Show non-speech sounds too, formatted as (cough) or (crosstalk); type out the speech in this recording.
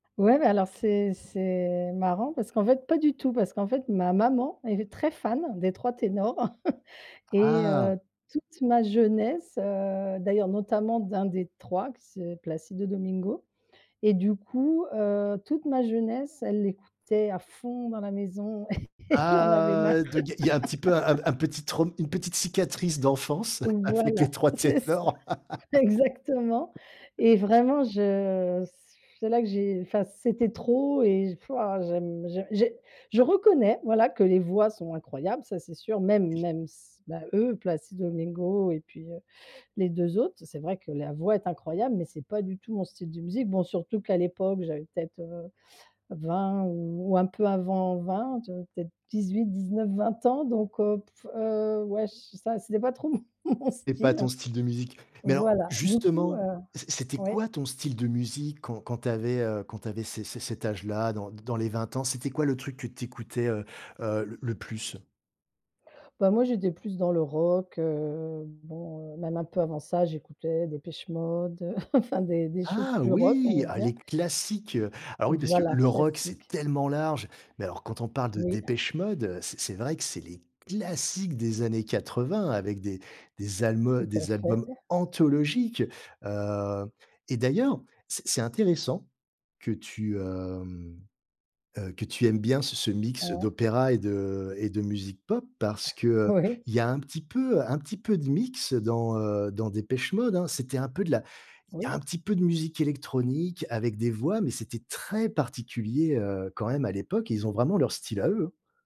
Ouais bah, alors c'est c'est marrant parce qu'en fait, pas du tout, parce qu'en fait, ma maman elle est très fan des Trois Ténors (chuckles) et Ah. heu, toute ma jeunesse, heu, d'ailleurs, notamment d'un des 3 qui s Placido Domingo et du coup, heu, toute ma jeunesse elle l'écoutait à fond dans la maison, (chuckles) j'en avais marre. Ah, donc il y a il y a un petit peu un p (laughs) un petit traum une petite cicatrice d'enfance avec Les Voilà, Trois c'est ça Ténors. exactement (laughs) et vraiment je c c'est là que j'ai enfin c'était trop et f waouh, j'aime j'ai j'ai je reconnais, voilà, que les voix sont incroyables, ça c'est sûr, même (unintelligible) même s bah, eux Placido Domingo et puis, heu, les 2 autres, c'est vrai que la voix est incroyable mais c'est pas du tout mon style de musique. Bon, surtout qu'à l'époque, j'avais peut-être, heu, 20 ou un peu avant 20, j'avais peut-être 18-19-20 ans donc, heu, pff, heu, ouais j ça c'était pas trop mon C'est pas ton style. style de musique. Mais alors Voilà du coup, justement, heu c c'était ouais. quoi ton style de musique quand quand tu avais, heu, quand tu avais c c cet âge-là? Dans d dans les 20 ans? C'était quoi le truc que tu écoutais, heu heu, le le plus? Bah, moi j'étais plus dans le rock, heu, bon, même un peu avant ça j'écoutais Depeche Mode, (chuckles) enfin des des choses Ah plus rock, on oui! va Ah, dire. les classiques. Alors oui, parce que, Voilà, le rock, c'est classique. tellement large. Mais alors, quand on parle de Oui. Depeche Mode, c'est c'est vrai que c'est les classiques des années 80 avec des des albums Tout à des albums fait. anthologiques. Heu, et d'ailleurs, c'est c'est intéressant que tu, hem, heu, que tu aimes bien ce ce mix Ouais. d'opéra et de et de musique pop parce (chuckles) qu'il Oui. y a un petit peu un petit peu de mix dans, heu, dans Depeche Mode, hein. C'était un peu de la Oui, il y a un c petit peu de musique électronique avec des voix, mais c'était très particulier, heu, quand même à l'époque et ils ont vraiment leur style à eux.